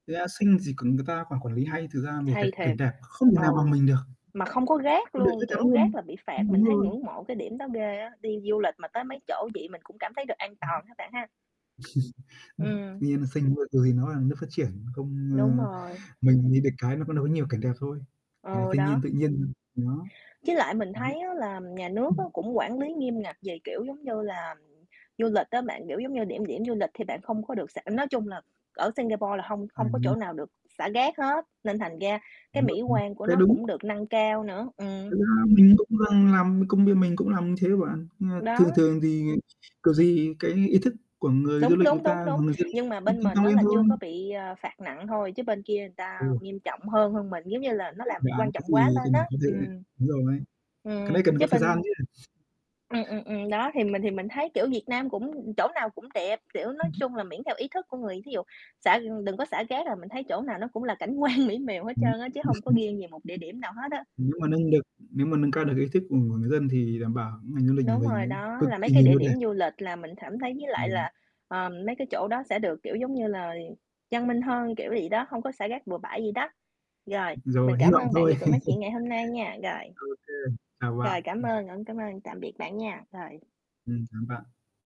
Thực ra, Sing xì [unintelligible] người ta quản quản lý hay, thực ra cái về cái Hay cảnh thiệt. đẹp, không thể nào bằng Ừ, mình được, mà không có rác một điều chắc luôn, chắn kiểu, rác luôn, là bị phạt, đúng mình đúng thấy rồi. ngưỡng mộ cái điểm đó ghê á, đi du lịch mà tới mấy chỗ vậy mình cũng cảm thấy được an toàn ha bạn ha. [unintelligible] Ừm. Tuy nhiên, Sing, ơ, ừ, thì nó là nước phát triển, không, Đúng ơ rồi. mình thì được cái có nỗi nhiều cảnh đẹp thôi, cảnh Ừ, thiên nhiên đó. tự nhiên,. [unintelligible] Với lại mình Đấy. thấy á, là nhà nước á, [unintelligible] cũng quản lý nghiêm ngặt về, kiểu, giống như là, du lịch á bạn. Kiểu giống như điểm điểm du lịch thì bạn không có được xả nói chung là ở Singapore là hông hông có chỗ [unintelligible] nào được xả rác hết, nên thành ra cái Đúng rồi, mỹ [unintelligible] quan của cái nó đúng. cũng được nâng cao nữa. Thực Ừm. ra mình cũng đang làm công bia mình cũng làm thế bạn, nhưng mà Đó. thường thường thì kiểu gì cái ý thức của người du Đúng, lịch người đúng, ta, đúng, hoặc đúng. người dân ấy Nhưng mà cũng bên tăng mình tăng á, lên là thôi. chưa có bị, ờ, phạt nặng thôi, chứ bên kia người ta Ừ. nghiêm trọng hơn hơn mình, giống như là nó Cái làm dự án quan cái trọng quá gì lên cần á, phải có thể ừm. đúng rồi, cái Ừm, đấy cần có chứ thời gian bên chứ. Ừm, ừm, ừm. Đó, thì mình thì mình thấy, kiểu, Việt Nam cũng chỗ nào cũng đẹp, kiểu, nói Ừm hứm. chung là miễn theo ý thức của người thí dụ xả, ừm, đừng có xả rác, rồi mình thấy chỗ nào nó cũng là cảnh quan mỹ miều hết trơn á, chứ hông có [unintelligible] nghiêng về một địa điểm nào hết á. Nếu mà nâng được nếu mà nâng cao được ý thức của người người dân thì đảm bảo ngành du lịch của Đúng mình rồi nó đó, cực là mấy kỳ cái nhiều địa nơi đẹp. điểm du lịch là mình cảm thấy với lại [unintelligible] là, ờm, mấy cái chỗ đó sẽ được, kiểu, giống như là, văn minh hơn, kiểu vậy đó, hông có xả rác bừa bãi vậy đó. Rồi, [unintelligible] mình Rồi, hy cảm vọng ơn bạn thôi. vì cuộc nói chuyện ngày hôm nay nha, rồi. OK, chào bạn. Rồi, cảm Ừm. ơn, ơ, cảm ơn, tạm biệt bạn nha, rồi. Ừm, cảm ơn bạn.